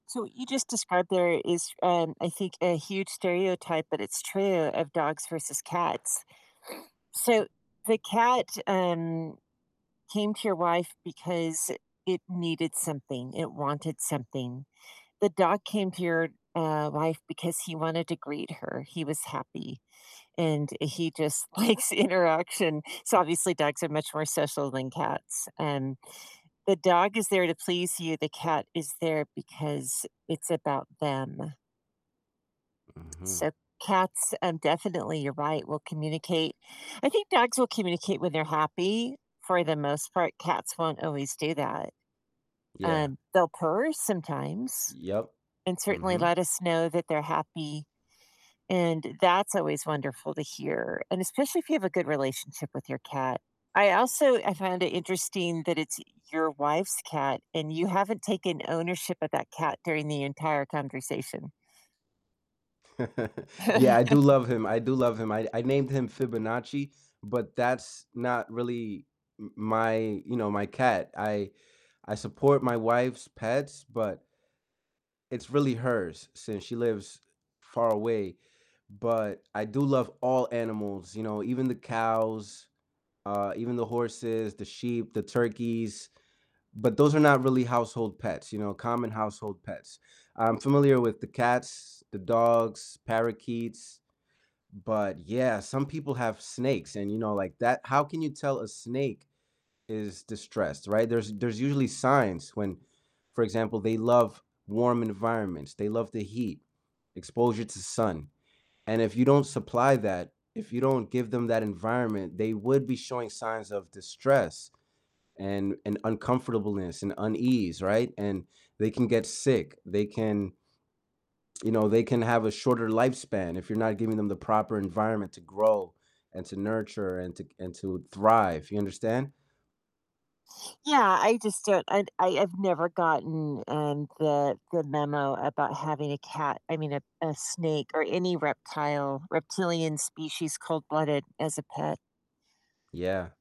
So, you just described there is, um, I think a huge stereotype- but it's true- of dogs versus cats. So, the cat, um, came to your wife because it needed something, it wanted something. The dog came to your, uh, wife because he wanted to greet her, he was happy, and he just likes interaction, so obviously, dogs are much more social than cats, um, the dog is there to please you, the cat is there because it's about them. Mhm. So, cats, um, definitely, you're right, will communicate. I think dogs will communicate when they're happy, for the most part, cats won't always do that. Yeah. Um, they'll purr sometimes Yep. and certainly Mhm. let us know that they're happy. And that's always wonderful to hear, and especially if you have a good relationship with your cat, I also I found it interesting that it's your wife's cat, and you haven't taken ownership of that cat during the entire conversation. Yeah, I do love him, I do love him, I I named him Fibonacci, but that's not really m my you know, my cat, I I support my wife's pets, but it's really hers since she lives far away, but I do love all animals, you know, even the cows, uh, even the horses, the sheep, the turkeys, but those are not really household pets, you know? Common household pets, I'm familiar with the cats, the dogs, parakeets, but, yeah, some people have snakes and, you know, like that how can you tell a snake is distressed, right? There's there's usually signs when for example, they love warm environments, they love the heat, exposure to sun, and if you don't supply that, if you don't give them that environment, they would be showing signs of distress, and and uncomfortableness, and unease, right? And they can get sick, they can you know, they can have a shorter lifespan if you're not giving them the proper environment to grow, and to nurture, and to c and to thrive, you understand? Yeah, I just don't I d I have never gotten, um, the the memo about having a cat I mean, a a snake or any reptile reptilian species, cold-blooded, as a pet. Yeah.